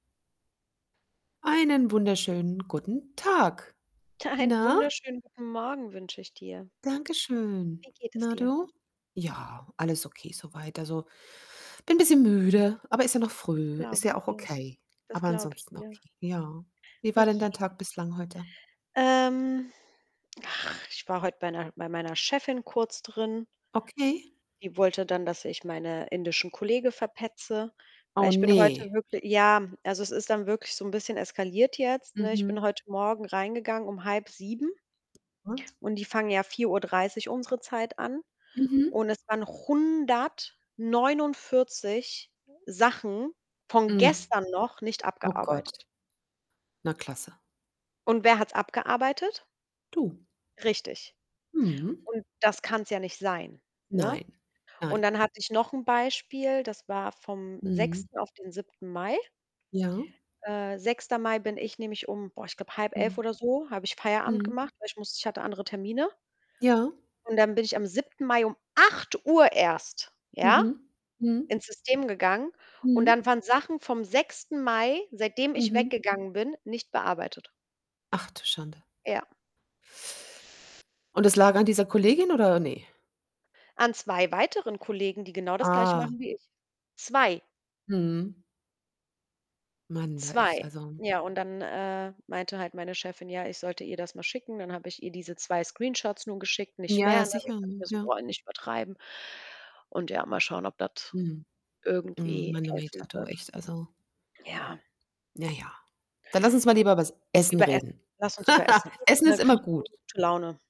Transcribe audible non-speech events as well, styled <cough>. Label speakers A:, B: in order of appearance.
A: Einen wunderschönen guten Tag.
B: Einen
A: Na?
B: wunderschönen guten Morgen wünsche ich dir.
A: Danke schön.
B: Wie geht es
A: Na,
B: dir?
A: du? Ja, alles okay so weit. Also, bin bisschen müde, aber ist ja noch
B: Das
A: früh. Ist
B: glaube
A: ja
B: ich
A: auch
B: dir.
A: okay.
B: Das
A: Aber
B: glaube ich
A: ansonsten
B: dir.
A: okay, ja. Wie
B: Oh
A: war denn dein
B: je.
A: Tag bislang heute?
B: Ähm, ach, ich war heut bei 'ner bei meiner Chefin kurz drin.
A: Okay?
B: Die wollte dann, dass ich meine indischen Kollege verpetze. Weil
A: Oh
B: ich bin heute
A: ne.
B: wirkli ja, also, es ist dann wirklich so 'n bisschen eskaliert jetzt, ne? Ich
A: Mhm.
B: bin heute Morgen reingegangen um 06:30
A: <unintelligible>
B: und die fangen ja 4:30 unsere Zeit an.
A: Mhm.
B: Und es waren noch 149 Sachen von
A: Hm.
B: gestern noch nicht
A: Oh Gott.
B: abgearbeitet.
A: Na klasse.
B: Und wer hat's abgearbeitet?
A: Du.
B: Richtig.
A: Mhm.
B: Und das kann's ja nicht sein, ne?
A: Nein,
B: Und
A: nein.
B: dann hatte ich noch 'n Beispiel, das war vom
A: Mhm.
B: 6. auf den 7. Mai.
A: Ja.
B: Äh, 6. Mai bin ich nämlich um, boah, ich glaube, 10:30
A: Mhm.
B: oder so, habe ich Feierabend
A: Mhm.
B: gemacht, weil ich musste ich hatte andere Termine.
A: Ja.
B: Und dann bin ich am 7. Mai um 8:00 erst, ja,
A: Mhm, mhm.
B: ins System gegangen. Und
A: Mhm.
B: dann waren Sachen vom 6. Mai, seitdem ich
A: Mhm.
B: weggegangen bin, nicht bearbeitet.
A: Ach, du Schande.
B: Ja.
A: Und das lag an dieser Kollegin, oder ne?
B: An 2 weiteren Kollegen, die genau das Gleiche
A: Ah.
B: machen wie ich? 2.
A: Mhm. Man du, echt.
B: 2.
A: Also
B: Ja, und dann, äh, meinte halt meine Chefin, ja, ich sollte ihr das mal schicken. Dann hab ich ihr diese 2 Screenshots nun geschickt, nicht
A: Ja,
B: mehr,
A: ja,
B: ne? Und ich
A: sicher,
B: dachte
A: mhm.
B: mir so:
A: Ja.
B: „Boah, nicht übertreiben.“ Und ja, mal schauen, ob das
A: Mhm. M
B: irgendwie
A: manometer
B: helfen
A: du,
B: wird.
A: echt. Also
B: Ja.
A: na ja, dann lass uns mal lieber übers Essen
B: Über Essen,
A: reden.
B: lass uns über Essen
A: <chuckles>
B: reden,
A: Essen
B: ne?
A: ist
B: Kriege
A: immer
B: ich
A: gut.
B: <unintelligible> Laune.